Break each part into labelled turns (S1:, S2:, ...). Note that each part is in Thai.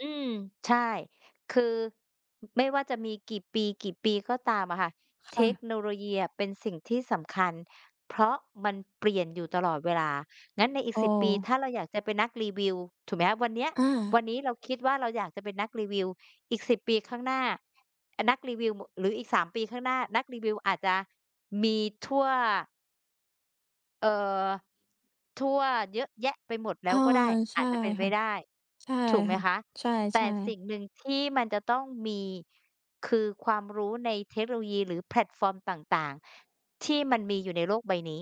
S1: อืม ใช่ คือ ไม่ว่าจะมีกี่ปี ๆ ก็ตามอะค่ะ
S2: ค
S1: เท
S2: ่
S1: ค
S2: ะ
S1: โนโลยีอะเป็นสิ่งที่สำคัญ เพราะมันเปลี่ยนอยู่ตลอดเวลา งั้นในอีก
S2: เ
S1: 10 ปี
S2: ออ
S1: ถ้าเราอยากจะเป็นนักรีวิว ถูกไหมคะ วันเนี้ย
S2: อ
S1: ว
S2: า
S1: ันนี้เราคิดว่าเราอยากจะเป็นนักรีวิว อีก 10 ปีข้างหน้า นักรีวิว ม หรืออีก 3 ปีข้างหน้า นักรีวิวอาจจะมีทั่ว เอ่อ ทั่ว เยอะแยะไปหมดแล้
S2: ออ
S1: ว
S2: อ
S1: ก็ได้
S2: ใช
S1: อา
S2: ่
S1: จจะเป็นไป
S2: ค่ะ
S1: ได้
S2: ใช่
S1: ถูกไหม
S2: ค่ะ
S1: คะ
S2: ใช
S1: แต่
S2: ่
S1: สิ
S2: ๆ
S1: ่งหนึ่งที่มันจะต้องมี คือความรู้ในเทคโนโลยีหรือแพลตฟอร์มต่าง ๆ ที่มันมีอยู่ในโลกใบนี้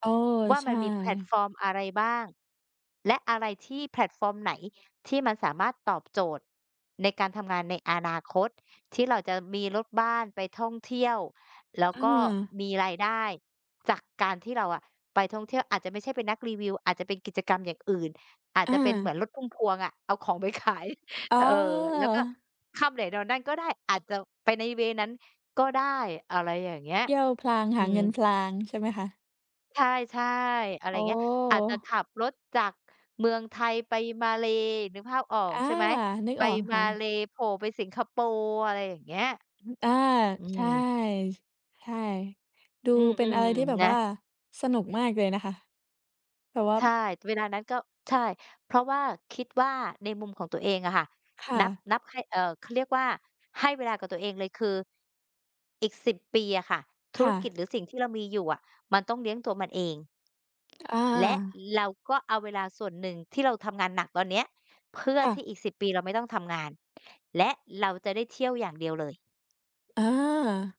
S2: เออ
S1: ว่า
S2: ใช
S1: มันมีแพลต
S2: ่
S1: ฟอร์มอะไรบ้าง และอะไรที่ แพลตฟอร์มไหนที่มันสามารถตอบโจทย์ในการทำงานในอนาคต ที่เราจะมีรถบ้านไปท่องเที่ยว แล้
S2: เ
S1: วก็
S2: ออ
S1: มีรายได้จากการที่เราอะไปท่องเที่ยว อาจจะไม่ใช่เป็นนักรีวิว อาจจะเป็นกิจกรรมอย่างอื่น อาจ
S2: อ
S1: จะเป็นเหมื
S2: า
S1: อนรถพุ่มพวงอะ เอาของไปขาย
S2: อ๋
S1: เออ แล้วก็
S2: อ
S1: ค่ำไหนนอนนั่นก็ได้ อาจจะไปใน เวย์ นั้นก็ได้ อะไรอย่างเงี้ย
S2: เที่ยวพลาง ห
S1: อื
S2: าเง
S1: ม
S2: ินพลางใช่ไหมคะ?
S1: ใช่ ๆ อะไร
S2: โอ
S1: เงี้ย อาจจะข
S2: ้!
S1: ับรถจากเมืองไทยไปมาเลย์ นึกภาพออ
S2: อ
S1: ก
S2: า
S1: ใช่ไหม
S2: นึก
S1: ไป
S2: ออก
S1: ม
S2: ค
S1: า
S2: ่ะ
S1: เลย์โผล่ไปสิงคโปร์ อะไรอย่างเงี้ย
S2: อืม อา
S1: อื
S2: ใช่
S1: ม
S2: ใช่ ดู
S1: อืม
S2: เป็นอะไรที่แบ
S1: ๆ
S2: บ
S1: นะ
S2: ว่าสนุกมากเลยนะคะ แบบว่า
S1: ใช่ เวลานั้นก็ ใช่ เพราะว่า คิดว่าในมุมของตัวเองอะค่ะ
S2: ค่
S1: นับ
S2: ะ
S1: นับให้ เอ่อ เขาเรียกว่า ให้เวลากับตัวเองเลย คืออีก 10 ปีอะค่ะ ธ
S2: ค
S1: ุร
S2: ่
S1: กิจ
S2: ะ
S1: หรือสิ่งที่เรามีอยู่อะมันต้องเลี้ยงตัวมันเอง
S2: ต อ
S1: และ
S2: า
S1: เราก็เอาเวลาส่วนหนึ่งที่เราทำงานหนักตอนเนี้ย เพื่อ
S2: ค่ะ
S1: ที่อีก 10 ปีเราไม่ต้องทำงาน และเราจะได้เที่ยวอย่างเดียวเลย
S2: อา